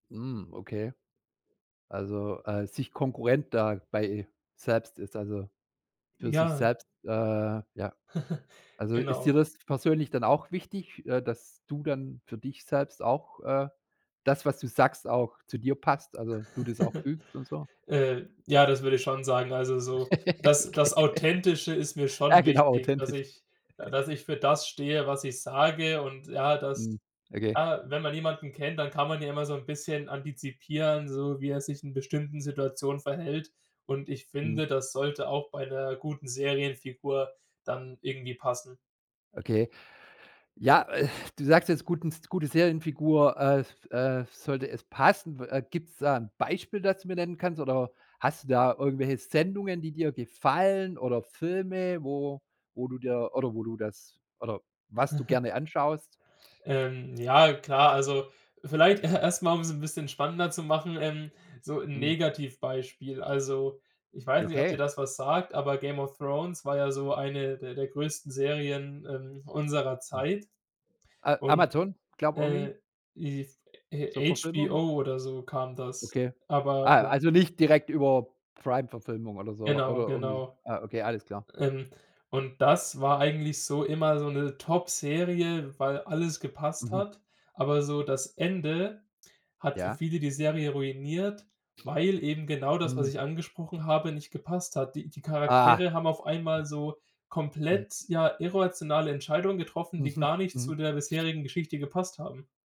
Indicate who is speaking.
Speaker 1: Mhm. Okay. Also, äh, sich Konkurrent da bei selbst ist, also, für sich
Speaker 2: Ja.
Speaker 1: selbst, äh, ja. Also ist
Speaker 2: Genau.
Speaker 1: dir das persönlich dann auch wichtig, äh, dass du dann für dich selbst auch, äh das, was du sagst, auch zu dir passt, also, du das auch fühlst und so?
Speaker 2: Äh, ja, das würde ich schon sagen. Also so, das das
Speaker 1: Okay.
Speaker 2: Authentische ist mir
Speaker 1: Ja,
Speaker 2: schon
Speaker 1: genau,
Speaker 2: wichtig, dass
Speaker 1: authentisch.
Speaker 2: ich äh, dass ich für das stehe, was ich sage und ja, dass
Speaker 1: Mhm. Okay.
Speaker 2: ja, wenn man jemanden kennt, dann kann man ja immer so 'n bisschen antizipieren, so wie er sich in bestimmten Situationen verhält. Und ich
Speaker 1: Mhm.
Speaker 2: finde, das sollte auch bei 'ner guten Serienfigur dann irgendwie passen.
Speaker 1: Okay. Ja, äh, du sagst jetzt, guten S gute Serienfigur, äh f äh f sollte es passen. Wa gibt es da ein Beispiel, das du mir nennen kannst oder hast du da irgendwelche Sendungen, die dir gefallen oder Filme, wo wo du dir oder wo du das oder was du gerne anschaust?
Speaker 2: Ähm, ja klar, also, vielleicht e erst mal, um es ein bisschen spannender zu machen, ähm, so 'n
Speaker 1: Mhm.
Speaker 2: Negativbeispiel. Also, ich weiß nicht, ob dir
Speaker 1: Okay.
Speaker 2: das was sagt, aber „Game of Thrones“ war ja so eine der der größten Serien, ähm, unserer Zeit
Speaker 1: A
Speaker 2: und
Speaker 1: Amazon, glaube, irgendwie?
Speaker 2: äh, if
Speaker 1: Zur
Speaker 2: äh,
Speaker 1: Verfilmung?
Speaker 2: HBO oder so kam das.
Speaker 1: Okay.
Speaker 2: Aber
Speaker 1: Ah,
Speaker 2: mhm.
Speaker 1: also nicht direkt über Primeverfilmung oder so
Speaker 2: Genau,
Speaker 1: oder irgendwie.
Speaker 2: genau.
Speaker 1: Ah, okay, alles klar.
Speaker 2: Ähm, und das war eigentlich so immer so 'ne Topserie, weil alles gepasst
Speaker 1: Mhm.
Speaker 2: hat, aber so das Ende hat für
Speaker 1: Ja.
Speaker 2: viele die Serie ruiniert, weil eben genau das, was
Speaker 1: Mhm.
Speaker 2: ich angesprochen habe, nicht gepasst hat. Die die
Speaker 1: Ah.
Speaker 2: Charaktere haben auf einmal so
Speaker 1: Mhm.
Speaker 2: komplett, ja, irrationale Entscheidungen getroffen, die
Speaker 1: Mhm.
Speaker 2: gar nicht zu
Speaker 1: Mhm.
Speaker 2: der bisherigen Geschichte gepasst haben.